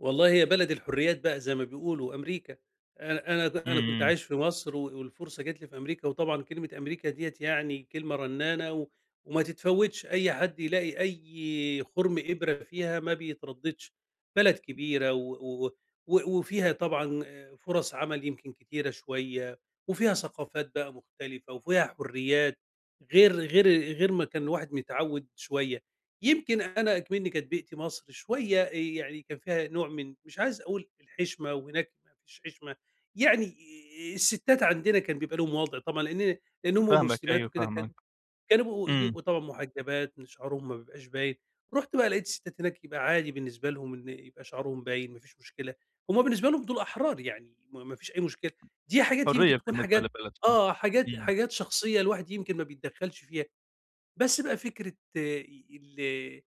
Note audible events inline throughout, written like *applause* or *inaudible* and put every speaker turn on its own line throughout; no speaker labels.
والله هي بلد الحرّيات بقى زي ما بيقولوا، أمريكا، أنا أنا ده
إمم،
أنا كنت
إمم.
عايش في مصر و والفرصة جات لي في أمريكا، وطبعًا كلمة أمريكا دِيّة يعني كلمة رنانة و وما تتفوتش، أي حد يلاقي أي خُرم إبرة فيها ما بيترددش، بلد كبيرة و و و و وفيها طبعًا فرص عمل يمكن كتيرة شوية، وفيها ثقافات بقى مختلفة وفيها حرّيات، غير غير غير ما كان الواحد متعوّد شوية يمكن أنا إكمنّي كانت بيئتي مصر شوية آآ، يعني كان فيها نوع من مش عايز اقول الحشمة وهناك ما فيش حشمة، يعني آآ، الستات عندنا كان بيبقى لهم وضع طبعًا لإن لإن هُم
فاهماك
مسلمات
أيوه،
وكده كان
فاهماك.
كانوا بيبقوا
إمم.
بيبقوا طبعًا محجبات، إن شعرهم ما بيبقاش باين، رُحت بقى لقيت الستات هناك يبقى عادي بالنسبة لهم إن يبقى شعرهم باين، ما فيش مشكلة، هُم بالنسبة لهم دول أحرار، يعني ما ما فيش أي مشكلة، دي حاجات يمكن
حريّة
تكون
بالنسبة
حاجات
لبلدهم.
آه حاجات
إمم.
حاجات شخصية الواحد يمكن ما بيتدخلش فيها. بس بقى فكرة إي ال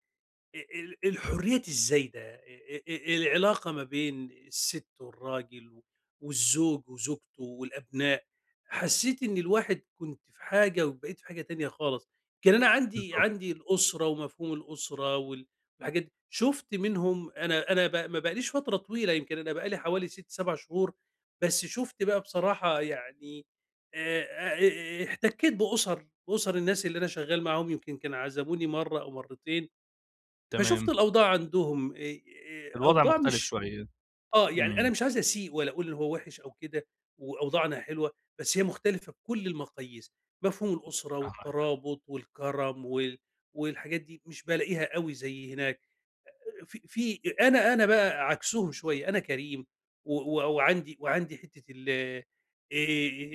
أ ال الحرّيات الزايدة، أ أ أ العلاقة ما بين الست والراجل و والزوج وزوجته والأبناء، حسّيت إن الواحد كنت في حاجة وبقيت في حاجة تانية خالص. كان أنا عندي
بالضبط.
عندي الأسرة ومفهوم الأسرة وال والحاجات دي، شُفت منهم أنا أنا ب ما بقاليش فترة طويلة يمكن أنا بقالي حوالي 6، 7 شهور بس شُفت بقى بصراحة يعني آآ، آآ، آآ، احتكيت بأُسر أُسر الناس اللي أنا شغال معاهم يمكن كان عزموني مرّة أو مرتين فشُفت
تمام.
الأوضاع عندهم أي آآ،
الوضع
أوضاع
مختلف
مش
شوية.
آه، يعني أنا
إمم.
مش عايز أسيء ولا اقول إن هو وحش أو كده وأوضاعنا حلوة، بس هي مختلفة بكل المقاييس، مفهوم الأسرة
فاهمك.
والترابط والكرم وال والحاجات دي مش بالاقيها أوي زي هناك، أ أ في في أ أنا أنا بقى عكسهم شوية، أنا كريم و و وعندي وعندي حتة ال آآ،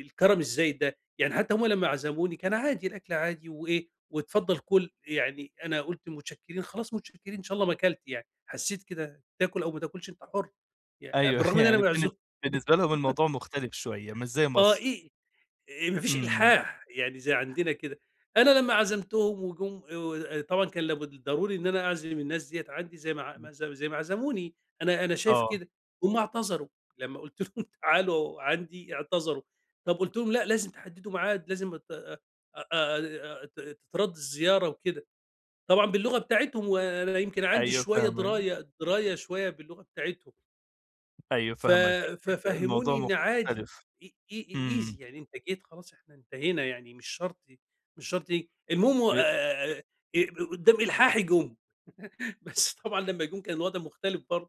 الكرم الزايد ده، يعني حتى هُم لمّا عزموني كان عادي، الأكل عادي وإيه، "واتفضل كل." يعني أنا قُلت متشكرين، خلاص متشكرين، إن شا الله ما كلت يعني، حسّيت كده تاكل أو ما تاكلش أنت حُر، يع
أيوه
بالرغم إن
*chuckles*
أنا
يعني بالن
معزو
بالنسبة لهم
*laughs*
الموضوع مختلف شوية، مش زي
آه
مصر.
إي إي آآ، ما فيش
إمم.
إلحاح، يعني زي عندنا كده، أنا لمّا عزمتهم وجُم آآ ود آآ، طبعًا كان لابد الضروري إن أنا أعزم الناس دِيّة عندي زي ما ع
إمم.
ما زو زي ما عزموني، أنا أنا شايف
آه.
كده، هُم اعتذروا لمّا قُلت لهم: "تعالوا عندي." إعتذروا، طب قُلت لهم: "لأ، لازم تحددوا معاد، لازم أتاه أ أ آآ، ت تترد الزيارة وكده." طبعًا باللغة بتاعتهم، وأنا يمكن عندي
أيوه
شوية
فاهمك.
دراية دراية شوية باللغة بتاعتهم.
أيوه
ف
فاهمك، الموضوع
ففهموني إن عادي
مختلف،
إي إي إي
إمم.
easy يعني أنت جيت، خلاص إحنا انتهينا يعني مش شرط ي مش شرط ي المهم و
بأ
آآ،
ب
آآ، أب قو قدّام إلحاحي جُم، *laughs* بس طبعًا لمّا جُم كان الوضع مختلف برضه.